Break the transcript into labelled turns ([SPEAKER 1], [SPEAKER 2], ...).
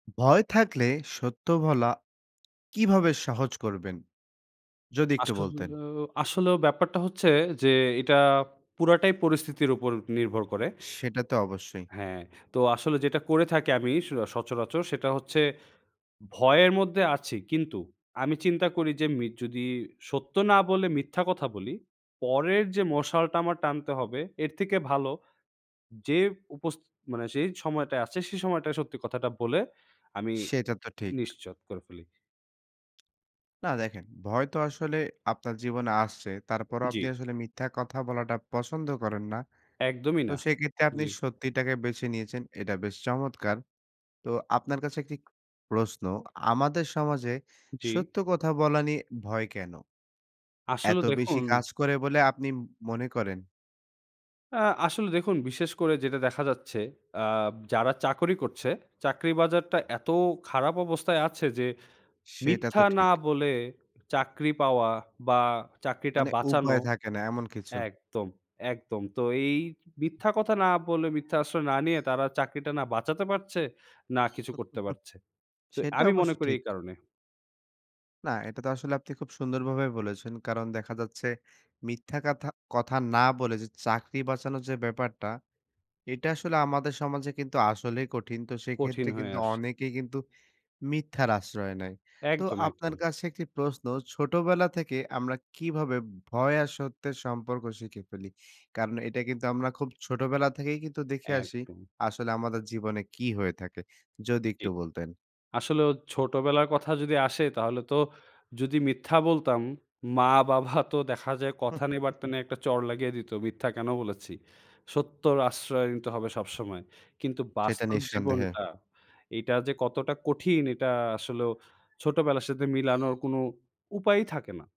[SPEAKER 1] ভয় থাকলে সত্য বলা কিভাবে সহজ করবেন? যদি একটু বলতেন।
[SPEAKER 2] আসলেও আসলেও ব্যাপারটা হচ্ছে যে এটা পুরাটাই পরিস্থিতির ওপর নির্ভর করে।
[SPEAKER 1] সেটা তো অবশ্যই।
[SPEAKER 2] হ্যাঁ। তো আসলে যেটা করে থাকি আমি স সচরাচর সেটা হচ্ছে, ভয়ের মধ্যে আছি কিন্তু আমি চিন্তা করি যে মি যদি সত্য না বলে মিথ্যা কথা বলি। পরের যে মশালটা আমার টানতে হবে এর থেকে ভালো, যে উপস মানে যেই সময়টা আছে সেই সময়টায় সত্যি কথাটা বলে আমি
[SPEAKER 1] সেটা তো ঠিক।
[SPEAKER 2] নিশ্চিত করে ফেলি।
[SPEAKER 1] না দেখেন, ভয় তো আসলে আপনার জীবনে আসছে, তারপরও
[SPEAKER 2] জ্বী।
[SPEAKER 1] আপনি আসলে মিথ্যা কথা বলাটা পছন্দ করেন না।
[SPEAKER 2] একদমই
[SPEAKER 1] তো
[SPEAKER 2] না।
[SPEAKER 1] সেক্ষেত্রে আপনি
[SPEAKER 2] জ্বী।
[SPEAKER 1] সত্যিটাকে বেছে নিয়েছেন। এটা বেশ চমৎকার। তো আপনার কাছে একটি প্রশ্ন, আমাদের সমাজে
[SPEAKER 2] জ্বী।
[SPEAKER 1] সত্য কথা বলা নিয়ে ভয় কেন?
[SPEAKER 2] আসলে
[SPEAKER 1] এত বেশি
[SPEAKER 2] দেখুন
[SPEAKER 1] কাজ করে বলে আপনি ম মনে করেন?
[SPEAKER 2] অ্যা আসলে দেখুন বিশেষ করে যেটা দেখা যাচ্ছে, অ্যাব যারা চাকরি করছে, চাকরি বাজারটা এত খারাপ অবস্থায় আছে যে,
[SPEAKER 1] সেটা
[SPEAKER 2] মিথ্যা
[SPEAKER 1] তো
[SPEAKER 2] না
[SPEAKER 1] ঠিক।
[SPEAKER 2] বলে চাকরি পাওয়া বা, চাকরিটা
[SPEAKER 1] মানে
[SPEAKER 2] বাঁচানো
[SPEAKER 1] উপায় থাকে না এমন কিছু।
[SPEAKER 2] একদম, একদম। তো এই মিথ্যা কথা না বলে, মিথ্যার আশ্রয় না নিয়ে, তারা চাকরিটা না বাঁচাতে পারছে, না কিছু করতে পারছে। তো
[SPEAKER 1] সেটা
[SPEAKER 2] আমি
[SPEAKER 1] অবশ্য
[SPEAKER 2] মনে করি
[SPEAKER 1] ঠিক।
[SPEAKER 2] এই কারণে
[SPEAKER 1] না, এটা তো আসলে আপনি খুব সুন্দরভাবে বলেছেন। কারণ দেখা যাচ্ছে মিথ্যা কাথা কথা না বলে যে চাকরি বাঁচানো যে ব্যাপারটা। এটা আসলে আমাদের সমাজে কিন্তু আসলেই কঠিন, তো
[SPEAKER 2] কঠিন
[SPEAKER 1] সেইক্ষেত্রে
[SPEAKER 2] হয়ে
[SPEAKER 1] কিন্তু
[SPEAKER 2] আসে।
[SPEAKER 1] অনেকেই কিন্তু মিথ্যার আশ্রয় নেয়। তো
[SPEAKER 2] একদম,
[SPEAKER 1] আপনার
[SPEAKER 2] একদম।
[SPEAKER 1] কাছে একটি প্রশ্ন, ছোটবেলা থেকে আমরা কিভাবে ভয় আর সত্যের সম্পর্ক শিখে ফেলি? কারণ এটা কিন্তু আমরা খুব ছোটবেলা থেকেই কিন্তু দেখে আসি,
[SPEAKER 2] একদম।
[SPEAKER 1] আসলে আমাদের জীবনে কি হয়ে থাকে। যদি
[SPEAKER 2] জ্বী।
[SPEAKER 1] একটু বলতেন।
[SPEAKER 2] আসলেও ছোটোবেলার কথা যদি আসে তাহলে তো যদি মিথ্যা বলতাম, মা-বাবা তো দেখা যায় কথা নেই, বার্তা নাই একটা চড় লাগিয়ে দিত মিথ্যা কেন বলেছি। সত্যর আশ্রয় নিতে হবে সবসময়। কিন্তু
[SPEAKER 1] সেটা
[SPEAKER 2] বাস্তব
[SPEAKER 1] নিঃসন্দেহে।
[SPEAKER 2] জীবনটা; এটা যে কতটা কঠিন এটা আসলেও ছোটোবেলার সাথে মিলানোর কোনো উপায়ই থাকে না।